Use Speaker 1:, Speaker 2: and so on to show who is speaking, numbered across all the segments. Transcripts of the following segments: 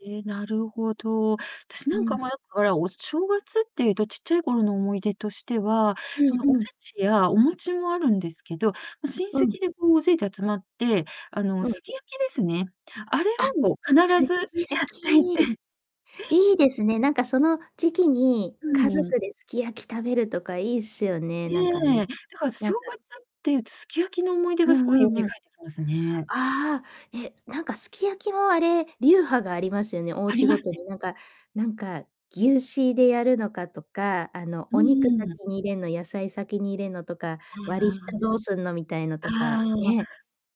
Speaker 1: え、なるほど。たしな
Speaker 2: う
Speaker 1: んか
Speaker 2: ん。
Speaker 1: 迷ったから、お正月って言うと、ちっちゃい頃の思い出としては、
Speaker 2: う
Speaker 1: そ
Speaker 2: ん
Speaker 1: の、おせ
Speaker 2: うん。
Speaker 1: ちやお餅もあるんですけど、ま、親
Speaker 2: うん。
Speaker 1: 戚でこう大勢で集まって、あの、
Speaker 2: うん。
Speaker 1: すき焼きですね。あれ
Speaker 2: あ、
Speaker 1: をもう必
Speaker 2: すき
Speaker 1: ずや
Speaker 2: 焼
Speaker 1: っ
Speaker 2: き。
Speaker 1: ていて
Speaker 2: いい
Speaker 1: うん。
Speaker 2: ですね、なんかその時期に、
Speaker 1: う
Speaker 2: 家
Speaker 1: んうん。
Speaker 2: 族ですき焼き食べるとかいいっすよね、なんか
Speaker 1: え
Speaker 2: ね。
Speaker 1: え、だから
Speaker 2: な
Speaker 1: 正
Speaker 2: んか、ん
Speaker 1: 月って言うと、すき焼きの思い出
Speaker 2: う
Speaker 1: がす
Speaker 2: ん
Speaker 1: ごい蘇
Speaker 2: う
Speaker 1: っ
Speaker 2: ん
Speaker 1: て
Speaker 2: うん。
Speaker 1: きますね。
Speaker 2: あ、え、なんかすき焼きもあれ、流派がありますよね、お
Speaker 1: あり
Speaker 2: 家
Speaker 1: ま
Speaker 2: ご
Speaker 1: す
Speaker 2: と
Speaker 1: ね。
Speaker 2: になんかなんか、牛脂でやるのかとか、あの、
Speaker 1: う
Speaker 2: お肉
Speaker 1: ん
Speaker 2: 先
Speaker 1: うん。
Speaker 2: に入れんの、野菜先に入れんのとか、
Speaker 1: は
Speaker 2: 割り
Speaker 1: あ。
Speaker 2: 下どうすんのみたいの
Speaker 1: あ
Speaker 2: とか、
Speaker 1: あ、
Speaker 2: ね。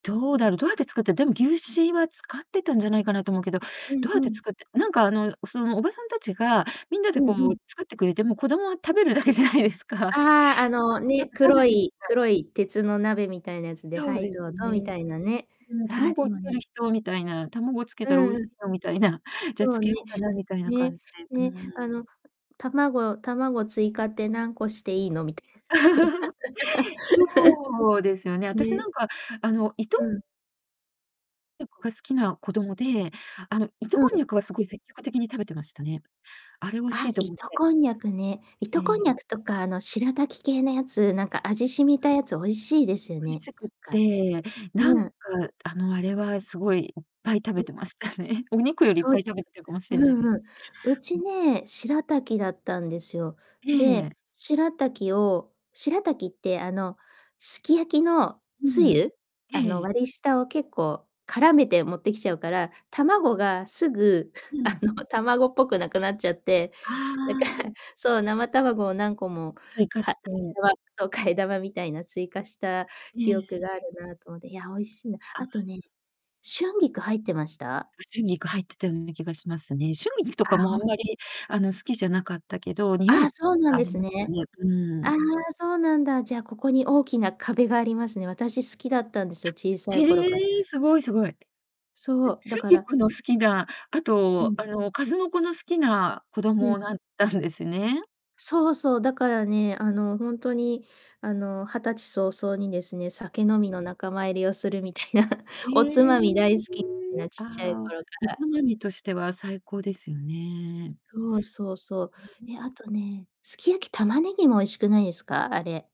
Speaker 1: どうだろう、どうやって作ってでも牛脂は使ってたんじゃないかなと思うけど、
Speaker 2: う
Speaker 1: ど
Speaker 2: ん
Speaker 1: うやっ
Speaker 2: う
Speaker 1: て
Speaker 2: ん。
Speaker 1: 作ってなんかあの、そのおばさんたちが、みんなで
Speaker 2: う
Speaker 1: こう、
Speaker 2: んう
Speaker 1: もう
Speaker 2: ん。
Speaker 1: 作ってくれて、もう子供は食べるだけじゃないですか。
Speaker 2: ああ、あ
Speaker 1: ば
Speaker 2: の
Speaker 1: くぴゃ
Speaker 2: ね、
Speaker 1: く食べ
Speaker 2: 黒
Speaker 1: て
Speaker 2: い
Speaker 1: た。
Speaker 2: 黒い鉄の鍋みたいなやつで
Speaker 1: そ
Speaker 2: 「は
Speaker 1: う
Speaker 2: い、
Speaker 1: です
Speaker 2: どうぞ」み
Speaker 1: ね。
Speaker 2: たいなね。
Speaker 1: うん
Speaker 2: ああ、で
Speaker 1: 「卵け
Speaker 2: もね
Speaker 1: る人？」みたいな、「卵をつけ
Speaker 2: う
Speaker 1: たら美
Speaker 2: ん
Speaker 1: 味
Speaker 2: う
Speaker 1: し
Speaker 2: ん。
Speaker 1: いよ」みたいな「じ
Speaker 2: そ
Speaker 1: ゃ、つ
Speaker 2: う
Speaker 1: け
Speaker 2: ね、
Speaker 1: ようかな」みたい
Speaker 2: ん、
Speaker 1: な
Speaker 2: ね
Speaker 1: 感じで。う
Speaker 2: ね、あ
Speaker 1: ー
Speaker 2: の
Speaker 1: ん。
Speaker 2: 「卵卵追加って何個していいの？」みたい な
Speaker 1: そうですよね、
Speaker 2: の、
Speaker 1: 私な
Speaker 2: ね。
Speaker 1: んかあの、糸
Speaker 2: うん。
Speaker 1: にゃくが好きな子供で、あの、糸
Speaker 2: う
Speaker 1: こんに
Speaker 2: ん。
Speaker 1: ゃくはすごい積極的に食べてましたね。あれ美味し
Speaker 2: あ、
Speaker 1: いと思っ
Speaker 2: 糸
Speaker 1: て。
Speaker 2: こんにゃくね。
Speaker 1: え
Speaker 2: 糸
Speaker 1: え、
Speaker 2: こんに
Speaker 1: い。
Speaker 2: ゃくとか、あのしらたき系のやつ、なん
Speaker 1: [unintelligible]
Speaker 2: か味染みたやつ美味しいですよ
Speaker 1: 美味
Speaker 2: ね、
Speaker 1: しくっ
Speaker 2: なんか。
Speaker 1: て、なん
Speaker 2: う
Speaker 1: か、
Speaker 2: ん。
Speaker 1: あの、あれはすごい、いっぱい食
Speaker 2: う
Speaker 1: べ
Speaker 2: ん。
Speaker 1: てましたね。お肉
Speaker 2: く
Speaker 1: よりいっ
Speaker 2: そう
Speaker 1: ぱ
Speaker 2: じ
Speaker 1: い
Speaker 2: く
Speaker 1: 食べったかもし
Speaker 2: う
Speaker 1: んないで
Speaker 2: ん
Speaker 1: す。
Speaker 2: うん。うち
Speaker 1: うん。
Speaker 2: ね、しらたきだったんですよ。で、
Speaker 1: ええ。
Speaker 2: しらたきをしらたきってあの、すき焼きの
Speaker 1: う
Speaker 2: つ
Speaker 1: ん。
Speaker 2: ゆ、あの、
Speaker 1: ええ。
Speaker 2: 割り下を結構絡めて持ってきちゃうから、卵がすぐ
Speaker 1: う
Speaker 2: あ
Speaker 1: ん。
Speaker 2: の卵っぽくなくなっちゃって、なんか
Speaker 1: ああ。
Speaker 2: そう、生卵を何個も
Speaker 1: 追加
Speaker 2: か
Speaker 1: し
Speaker 2: [unintelligible] あ
Speaker 1: て。
Speaker 2: れはそう、替え玉みたいな追加した
Speaker 1: ええ
Speaker 2: 記
Speaker 1: え
Speaker 2: 憶
Speaker 1: え。
Speaker 2: があるなと思って。いや、美味しいな。
Speaker 1: あ [unintelligible]
Speaker 2: あとね、春
Speaker 1: うん。
Speaker 2: 菊入ってました？
Speaker 1: う春菊入ってたような気がしますね。春菊と
Speaker 2: あ、
Speaker 1: かも
Speaker 2: ほ
Speaker 1: あん
Speaker 2: ん
Speaker 1: まり、あの、好きじゃなかったけど、匂い
Speaker 2: あ、そうな
Speaker 1: が
Speaker 2: ん
Speaker 1: あ
Speaker 2: で
Speaker 1: り
Speaker 2: す
Speaker 1: ますよ
Speaker 2: ね。
Speaker 1: ね。うー
Speaker 2: ああ、
Speaker 1: ん。
Speaker 2: そうなんだ。じゃあ、ここに大きな壁がありますね。私好きだったんですよ、小さ
Speaker 1: あ、え、
Speaker 2: い頃か
Speaker 1: ええ、すごいすごい。え、
Speaker 2: そう、だ
Speaker 1: 春
Speaker 2: から
Speaker 1: 菊の好きな、あ
Speaker 2: う
Speaker 1: と、
Speaker 2: ん。
Speaker 1: あの、数の子の好きな子
Speaker 2: うん。
Speaker 1: 供なったんですね？
Speaker 2: そうそう、だからね、あの、ほんとにあの、20歳早々にですね、
Speaker 1: う
Speaker 2: 酒
Speaker 1: ん。
Speaker 2: 飲みの仲間入りをするみたいな、
Speaker 1: へ
Speaker 2: おつまみ大好
Speaker 1: え。
Speaker 2: きみんな、
Speaker 1: あ
Speaker 2: ちっちゃい
Speaker 1: あ、
Speaker 2: 頃か
Speaker 1: おつ
Speaker 2: ら。
Speaker 1: まみとしては最高ですよね。
Speaker 2: そうそうそう。
Speaker 1: うん。
Speaker 2: ね、あとね、すき焼き、玉ねぎも美味しくないですか？あれ。